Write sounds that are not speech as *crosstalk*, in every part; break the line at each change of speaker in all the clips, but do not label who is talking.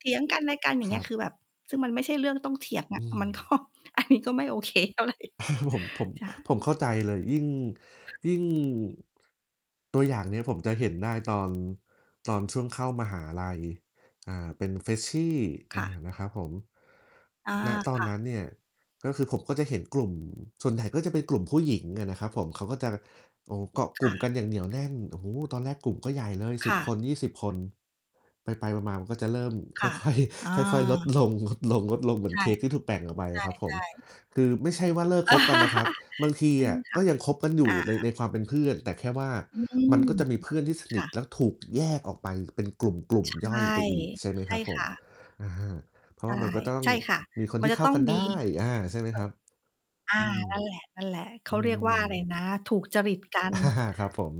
เถียงกันและกันอย่า
ค
งเง
ร
ี้
ั
ย
บ
คือแบบ ซึ่งมันไม่ใช่เรื่องต้องเถียงอ
อ
ะ
ื
มันก็
อ
อันนี้ก็ไม่โอเคเท่าไร
*chuckles* ผม ผม
จ้ะ
ผมเข้าใจเลย ยิ่ง ยิ่ง ตัวอย่างเนี่ยผมจะเห็นได้ตอน ตอนช่วงเข้ามหาลัย อ่า เป็น Freshy
ค
อ
่ะ
า นะครับผม
อา
ณ ตอ
ค
น
่
น
ะ
ั้นเนี่ย ก็คือผมก็จะเห็นกลุ่ม ส่วนใหญ่ก็จะเป็นกลุ่มผู้หญิงอะนะครับผม เขาก็จะ โอ้ เกาะ
ค
กลุ
่
่ม
ะ
กันอย่างเหนียวแน่น โอ้โฮ ตอนแรกกลุ่มก็ใหญ่เลย
ค
10
่
ค
ะ
น 20 คน ไป ๆ มา ๆ มันก็จะเริ่ม
ค
ค่
่
อ
ะ
ย ค่อย
อ
ค่อย ๆ ลด
า
ลง ๆ ๆ เหมื
ใ
อ
ช
น
่
เค้กที่ถูกแบ่งออกไป
ใช
อะครับผม
่ ๆ
คือไม่ใช่ว่าเลิกคบกันนะครับ
*laughs*
บางที
อื
อ
ม
ะ
ค
ก
่ะ
็ยังคบกันอยู
อ
่
า
ใน ในความเป็นเพื่อน แต่แค่ว่า
อืม
มันก็จะมีเพื่อนที่ส
ค
นิ
่
ท
ะ
แล้วถูกแยกออกไปเป็นกลุ่มกลุ่ม
ใช
ย่อ
่
ยไปอีก ใช่ไหม
ใช
ค
่
รับผ
ค
ม
่ะ
อา เพรา
ใ
ะ
ช
ว
่
่ามันก็ต้อง
ใช่ค่ะ
มีคน
มั
ท
น
ี่
จะ
เข้
ต
า
้อง
กัน
ม
ไ
ี
ด้ อา ใช่ไหมครับ
เอ่อ
อืม
อา นั่นแหละ ๆ เข
อื
าเรียกว่าอะไร
ม
นะ ถูกจริตกัน
อา ครับผม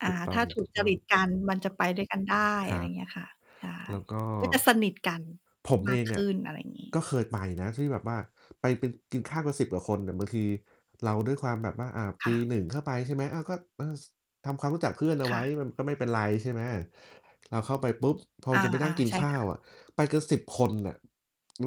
อ่า
ถูกต้
ถ้าถูกจ
อ
ร
ง
ิต
ๆ
กันมันจะไปด้วยกันได้
ค
อะ
ร
ไร
ับ
เงี้ยค่ะ ใช่
แล้วก็
ก็จะสนิทกัน
ผม
ม
เ
า
อ
ก
ง
ข
อ
ึ้
ะ
น อะไรอย่างงี้
ก็เคยไปนะ ที่แบบว่าไปเป็น กินข้าวกัน 10 กว่าคนเนี่ย บางทีเราด้วยความแบบว่า อา
ค
ป
่
ี
ะ
1 เข้าไป ใช่ไหม อา ก็ เออ ส ทำความรู้จักเพื่อนเอา
ค
ไว
่
้
ะ
มันก็ไม่เป็นไร ใช่ไหม เราเข้าไปปุ๊บ พอ
อ
มั
า
นจะไปนั่งกิ
ๆ
น
ใช่
ข้า
ค่
ว
ะ
อะ ไปกัน 10 คนน่ะ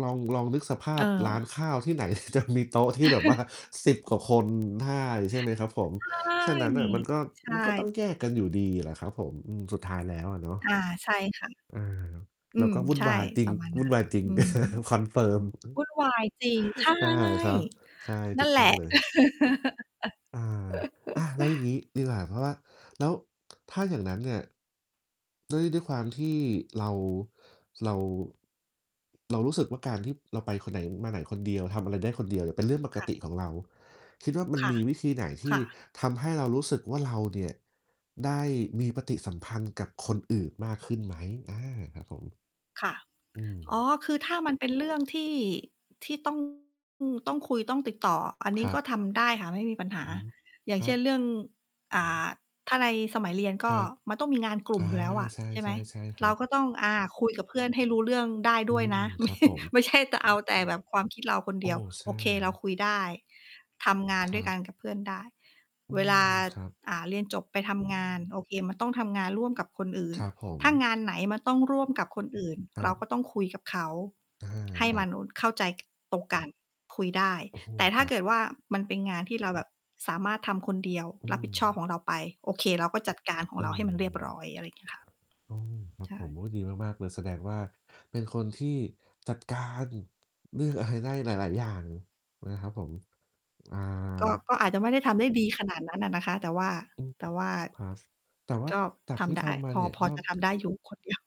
ลอง ลองนึกสภ
เ
าพร้าน
ออ
ข้าวที่ไหน จะมีโต๊ะที่แบบว่า
*chuckles*
10 กว่าคนได้ ใช่ไหมครับผม
ใช่
ฉะนั้นน่ะมันก็
ใช
มันก็ต้อง
่
แยกกันอยู่ดีแหละครับผม อืม สุดท้ายแล้วอะเนา
อ
ะ
า ใช่ค่ะ
อา
อื
เรา
ม
ก็วุ่
ใ
น
ช่
วายจริ
ป
ง
ระมาณ
ว
น
ุ
ั
่
้
น
น
วายจริง
อือฮึ
*chuckles* confirm
วุ่นวายจริง ใช่
อือ อา ครับ ใช่
น
ถ
ั
ู
่น
ก
แห
ต
ล
้อ
ะ
งเลย อา อะ
*laughs*
แล้วอย่างงี้ดีกว่า เพราะว่า แล้วถ้าอย่างนั้นเนี่ย ด้วย ด้วยความที่เรา เรา เรารู้สึกว่า การที่เราไปคนไหน มาไหนคนเดียว ทำอะไรได้คนเดียวเนี่ย เป็นเรื่องป
ค
ก
่ะ
ติของเรา คิดว่ามั
ค
น
่ะ
มีวิธีไหนท
ค
ี่
่ะ
ทำให้เรารู้สึกว่า เราเนี่ยได้มีปฏิสัมพันธ์กับคนอื่นมากขึ้นไหม? อา ครับผม
ค่ะ
อื
อ๋
ม
อ คือถ้ามันเป็นเรื่องที่ ที่ ต้อง อือ ต้องคุยต้องติดต่อ อันนี
ค
้
รั
ก็
บ
ทำได้ค่ะ ไม่มีปัญห
อ
า
ืม
อย่า
ค
ง
ร
เช
ั
่นเรื
บ
่อง อ่า ถ้าในสมัยเรียนก
ค
็
รับ
มันต้องมีงานกลุ่
อา
มอยู่แล้วอะ
ใช
ใช่ไหม
่ ๆ ๆ ค
เ
ร
ร
ั
า
บ
ก็ต้อง อา คุยกับเพื่อนให้รู้เรื่องได้
อ
ด
ื
้วยน
ม
ะ ไม
คร
่
ับผม
ไม่ใช่จะเอาแต่แบบความคิดเราคน
โ
เ
อ
ด
้
ียว
ใช
โอ
่
เค เราคุยได้ ทำงาน
ค
ด้
ร
ว
ั
ยกัน
บ
กับเพื่อนได้
อื
เวล
ม
า
ครับ
อ่า เรียนจบไปทำงาน โอเค มันต้องทำงานร่วมกับคนอื่น
ครับผ
ถ้า
ม
งานไหนมันต้องร่วมกับคนอื่น
คร
เร
ั
า
บ
ก็ต้องคุยกับเขา
อา
ให้
ครั
มัน
บ
โอ เข้าใจตรงกัน คุยได้
โอ้โฮ
แต่ถ
ค
้า
รั
เ
บ
กิดว่า มันเป็นงานที่เราแบบสามารถทำคนเดียว
อ
ร
ื
ับผิดชอบ
ม
ของเราไป โอเค เราก็จัดการขอ
อ
งเ
ื
ราให้มันเรียบร้
ม
อย อะไรเงี้ยค่ะ
โอ้ ครับ
ใช
ผ
่
ม โอ้ ดีมาก ๆ เลย แสดงว่า เป็นคนที่จัดการ เรื่องอะไรได้หลาย ๆ อย่างนะครับผม อ่า
ก็ ก็อาจจะไม่ได้ทำได้ดีขนาดนั้นอะนะคะ แต่ว่า
อืม
แต่ว่า
ครับ แต่ว่า
ก็
จาก
ท
ที่
ำได
ฟั
้
งมา
พ
เ
อ
นี่ย
พ
ก
อ
็
จะทำได้อยู่คนเดียว